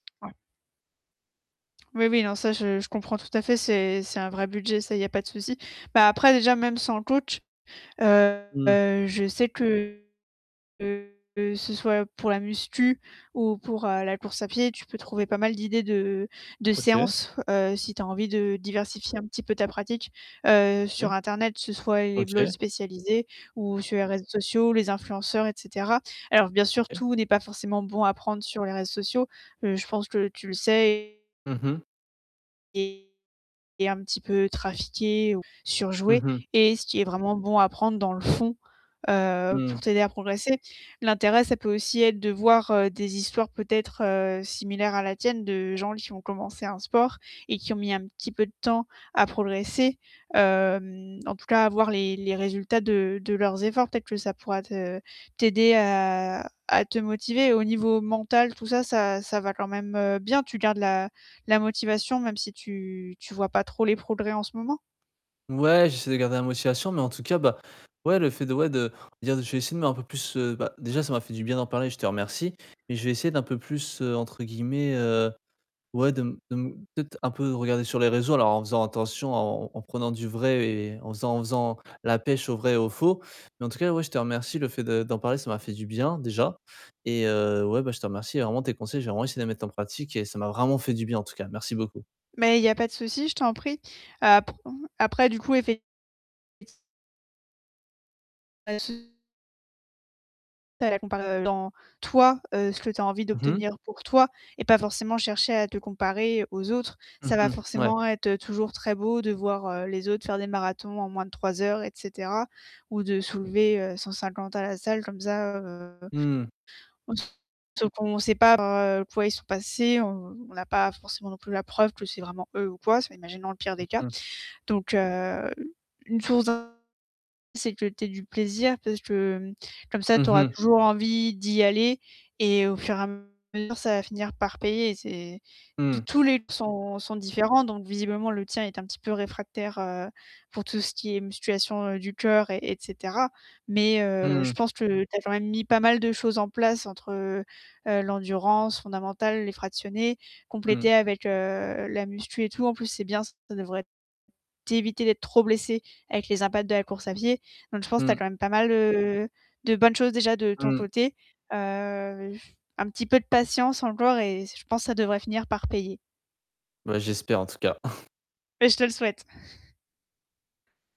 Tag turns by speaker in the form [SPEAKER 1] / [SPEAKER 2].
[SPEAKER 1] Ouais. Oui, oui, non, ça je je comprends tout à fait. C'est c'est un vrai budget, ça, il y a pas de souci. Bah, après déjà même sans le coach, heu,
[SPEAKER 2] Mmh.
[SPEAKER 1] je sais que que que ce soit pour la musculation ou pour, heu, la course à pied, tu peux trouver pas mal d'idées de de
[SPEAKER 2] OK.
[SPEAKER 1] séances, heu, si tu as envie de diversifier un petit peu ta pratique, heu, sur
[SPEAKER 2] OK.
[SPEAKER 1] internet, que ce soit les blogs
[SPEAKER 2] OK.
[SPEAKER 1] spécialisés ou sur les réseaux sociaux, les influenceurs et cetera. Alors bien sûr,
[SPEAKER 2] OK.
[SPEAKER 1] tout n'est pas forcément bon à apprendre sur les réseaux sociaux, heu, je pense que tu le sais et
[SPEAKER 2] Mmh mh.
[SPEAKER 1] et est un petit peu trafiqué ou
[SPEAKER 2] Mmh
[SPEAKER 1] surjoué
[SPEAKER 2] mh.
[SPEAKER 1] et ce qui est vraiment bon à prendre dans le fond, heu, pour
[SPEAKER 2] Mmh.
[SPEAKER 1] t'aider à progresser. L'intérêt, ça peut aussi être de voir, heu, des histoires peut-être, heu, similaires à la tienne de gens qui ont commencé un sport et qui ont mis un petit peu de temps à progresser. Hem, en tout cas, avoir les les résultats de de leurs efforts, peut-être que ça pourra te t'aider à à te motiver au niveau mental, tout ça, ça ça va quand même, heu, bien? Tu gardes la la motivation même si tu tu vois pas trop les progrès en ce moment?
[SPEAKER 2] Ouais, j'essaie de garder la motivation, mais en tout cas, bah, ouais, le fait de ouais, de dire: «Je vais essayer de mettre un peu plus» heu, bah, déjà ça m'a fait du bien d'en parler, je te remercie et je vais essayer d'un peu plus, heu, entre guillemets, heu, ouais de m de m peut-être, un peu «regarder sur les réseaux». Alors en faisant attention, en en en prenant du vrai et en faisant en faisant la pêche au vrai et au faux. Mais en tout cas ouais, je te remercie. Le fait de d'en parler, ça m'a fait du bien déjà et heu, ouais, bah, je te remercie, vraiment tes conseils, je vais vraiment essayer de les mettre en pratique et ça m'a vraiment fait du bien en tout cas, merci beaucoup.
[SPEAKER 1] Mais il y a pas de souci, je t'en prie. Apr après du coup, effect Pas de sou Pas la comparer, heu, dans toi, heu, ce que tu as envie
[SPEAKER 2] Mmh mh.
[SPEAKER 1] d'obtenir pour toi et pas forcément chercher à te comparer aux autres.
[SPEAKER 2] Mmh
[SPEAKER 1] Ça va
[SPEAKER 2] mh, mouais.
[SPEAKER 1] forcément être toujours très beau de voir, heu, les autres faire des marathons en moins de 3 heures et cetera ou de soulever, heu, 150 à la salle comme ça, heu
[SPEAKER 2] Mmh.
[SPEAKER 1] en tout, sauf qu'on sait par quoi ils sont passés, on on n'a pas forcément non plus la preuve que c'est vraiment eux ou quoi. C'est m imaginons le pire des cas.
[SPEAKER 2] Mmh mh.
[SPEAKER 1] Donc heu, une source d'in c'est que tu aies du plaisir parce que, mmh, comme ça tu
[SPEAKER 2] Mmh
[SPEAKER 1] auras
[SPEAKER 2] mh.
[SPEAKER 1] toujours envie d'y aller et au fur et à mesure, ça va finir par payer et c'est tous
[SPEAKER 2] Mmh.
[SPEAKER 1] tous les p sont sont différents donc visiblement le tien est un petit peu réfractaire, heu, pour tout ce qui est musculation du cœur et et cetera. Mais heu,
[SPEAKER 2] Mmh.
[SPEAKER 1] je pense que tu as quand même mis pas mal de choses en place entre, heu, heu, l'endurance fondamentale, les fractionnés,
[SPEAKER 2] Mmh.
[SPEAKER 1] compléter avec, heu, la musculation et tout. En plus c'est bien ça devrait t'éviter d'être trop blessé avec les impacts de la course à pied. Donc je pense que tu as
[SPEAKER 2] Mmh.
[SPEAKER 1] quand même pas mal, heu, de bonnes choses déjà de ton
[SPEAKER 2] Mmh.
[SPEAKER 1] côté. Heu j un petit peu de patience encore et c je pense que ça devrait finir par payer.
[SPEAKER 2] Bah j'espère en tout cas.
[SPEAKER 1] Et je te le souhaite.